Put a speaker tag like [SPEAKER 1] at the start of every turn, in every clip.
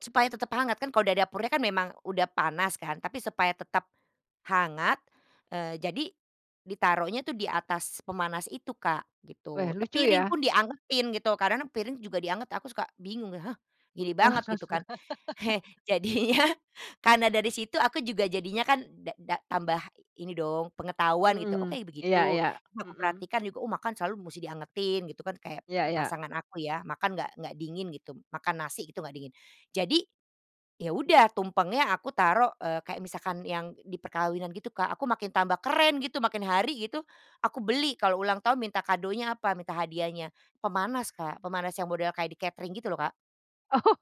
[SPEAKER 1] Supaya tetap hangat, kan. Kalau dari dapurnya kan memang udah panas, kan. Tapi supaya tetap hangat, eee, jadi ditaruhnya tuh di atas pemanas itu, Kak,
[SPEAKER 2] Weh,
[SPEAKER 1] gitu. Te
[SPEAKER 2] lucu
[SPEAKER 1] piring
[SPEAKER 2] ya.
[SPEAKER 1] pun dianggetin, gitu. Karena piring juga dianggetin, aku suka bingung, "Hah, gini banget," gitu, kan. Jadinya karena dari situ aku juga jadinya kan da-da tambah ini dong pengetahuan, gitu. Oh,
[SPEAKER 2] Mhm.
[SPEAKER 1] kayak
[SPEAKER 2] Iya
[SPEAKER 1] begitu
[SPEAKER 2] iya.
[SPEAKER 1] aku
[SPEAKER 2] Mhm.
[SPEAKER 1] perhatikan juga. Oh, makan selalu musti dianggetin, gitu, kan. Kayak
[SPEAKER 2] Iya
[SPEAKER 1] a
[SPEAKER 2] iya.
[SPEAKER 1] pasangan aku ya, makan enggak enggak dingin, gitu. Makan nasi, gitu, enggak dingin. Jadi ya udah, tumpengnya aku taruh, eee, kayak misalkan yang di perkawinan, gitu, Kak. Aku makin tambah keren, gitu, makin hari, gitu, aku beli, kalau ulang tahun, minta kadonya apa, minta hadiahnya, pemanas, Kak. Pemanas yang model kayak di catering, gitu loh, Kak.
[SPEAKER 2] Oh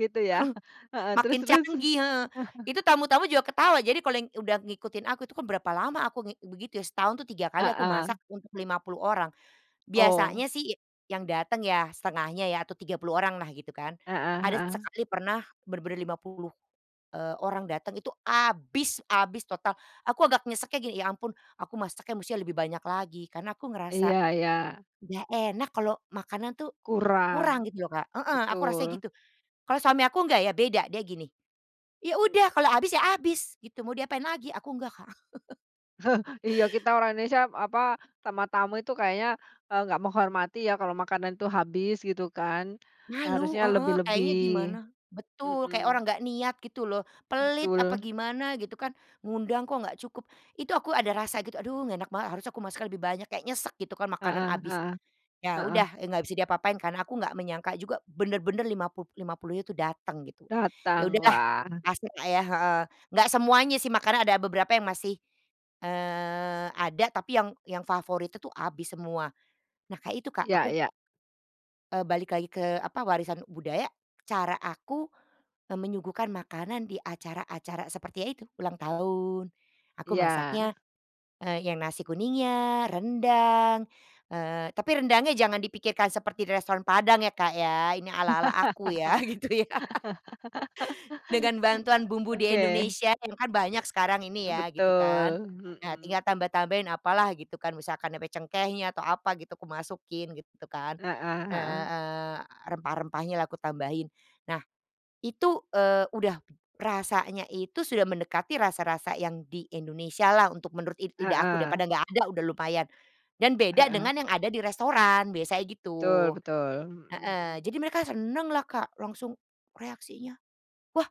[SPEAKER 2] gitu ya. Heeh, terus
[SPEAKER 1] Makin
[SPEAKER 2] terus.
[SPEAKER 1] canggih, heeh, itu tamu-tamu juga ketawa. Jadi kalau udah ngikutin aku itu kan berapa lama aku ngik begitu ya, setahun 3 kali aku
[SPEAKER 2] Heeh.
[SPEAKER 1] masak untuk 50 orang.
[SPEAKER 2] Oh.
[SPEAKER 1] Biasanya sih y yang datang ya setengahnya ya, atau 30 orang lah, gitu kan.
[SPEAKER 2] Heeh
[SPEAKER 1] Ada
[SPEAKER 2] heeh.
[SPEAKER 1] sesekali pernah bener-bener 50, eee, orang datang, itu habis habis total. Aku agak nyeseknya, gini, "Ya ampun, aku masaknya musti lebih banyak lagi," Karena aku
[SPEAKER 2] Iya
[SPEAKER 1] ngerasa,
[SPEAKER 2] iya.
[SPEAKER 1] enggak enak kalau makanan tuh kurang,
[SPEAKER 2] Kurang.
[SPEAKER 1] gitu loh, Kak, heeh, aku rasanya
[SPEAKER 2] Betul.
[SPEAKER 1] gitu. Kalau suami aku enggak, ya beda dia, gini, "Ya udah kalau habis ya habis, gitu, mau diapain lagi." Aku enggak, Kak.
[SPEAKER 2] Iya kita orang Indonesia apa, sama tamu itu kayaknya, eee, enggak menghormati ya kalau makanan tuh habis gitu kan. Nah,
[SPEAKER 1] Malu,
[SPEAKER 2] harusnya
[SPEAKER 1] heeh, kayaknya
[SPEAKER 2] lebih-lebih.
[SPEAKER 1] gimana. Betul, kayak
[SPEAKER 2] Mhm.
[SPEAKER 1] orang enggak niat, gitu loh, pelit apa
[SPEAKER 2] Betul.
[SPEAKER 1] gimana, gitu kan. Ngundang kok enggak cukup. Itu aku ada rasa gitu, "Aduh, enggak enak banget. Harusnya aku masak lebih banyak," kayak nyesek gitu kan, makanan
[SPEAKER 2] Heeh
[SPEAKER 1] habis.
[SPEAKER 2] heeh.
[SPEAKER 1] Iya,
[SPEAKER 2] Heeh.
[SPEAKER 1] udah, enggak bisa diapa-apain, karena aku enggak menyangka juga bener-bener lima puluh-lima puluhnya itu dateng, gitu. Ya
[SPEAKER 2] Datang,
[SPEAKER 1] udahlah,
[SPEAKER 2] wah!
[SPEAKER 1] pasang nggak yah, heeh. Enggak semuanya sih, makanya ada beberapa yang masih, eee, ada. Tapi yang yang favorit itu tuh habis semua. Nah, kayak itu, Kak,
[SPEAKER 2] Iya
[SPEAKER 1] aku
[SPEAKER 2] iya.
[SPEAKER 1] eee, balik lagi ke apa, warisan budaya cara aku, eee, menyuguhkan makanan di acara-acara seperti ya, itu ulang tahun, aku
[SPEAKER 2] Iya.
[SPEAKER 1] masaknya, eee, yang nasi kuningnya, rendang, eee, tapi rendangnya jangan dipikirkan seperti di restoran Padang ya, Kak, ya. Ini ala-ala aku ya, gitu ya. Dengan bantuan bumbu di
[SPEAKER 2] Oke.
[SPEAKER 1] Indonesia itu kan banyak sekarang ini, ya gitu kan.
[SPEAKER 2] Betul,
[SPEAKER 1] Nah, tinggal
[SPEAKER 2] mhm.
[SPEAKER 1] tambah-tambahin apalah, gitu kan. Misalkan ape cengkehnya atau apa, gitu, aku masukin, gitu kan,
[SPEAKER 2] Heeh heeh.
[SPEAKER 1] heeh, rempah-rempahnya lah aku tambahin. Nah, itu, eee, udah rasanya itu sudah mendekati rasa-rasa yang di Indonesia lah, untuk menurut lid lidah aku. Daripada
[SPEAKER 2] Heeh.
[SPEAKER 1] enggak ada, udah lumayan, dan beda
[SPEAKER 2] Heeh.
[SPEAKER 1] dengan yang ada di restoran biasanya, gitu,
[SPEAKER 2] Betul betul. Mhm
[SPEAKER 1] heeh,
[SPEAKER 2] mhm.
[SPEAKER 1] jadi mereka seneng lah, Kak, langsung reaksinya, “Wah!”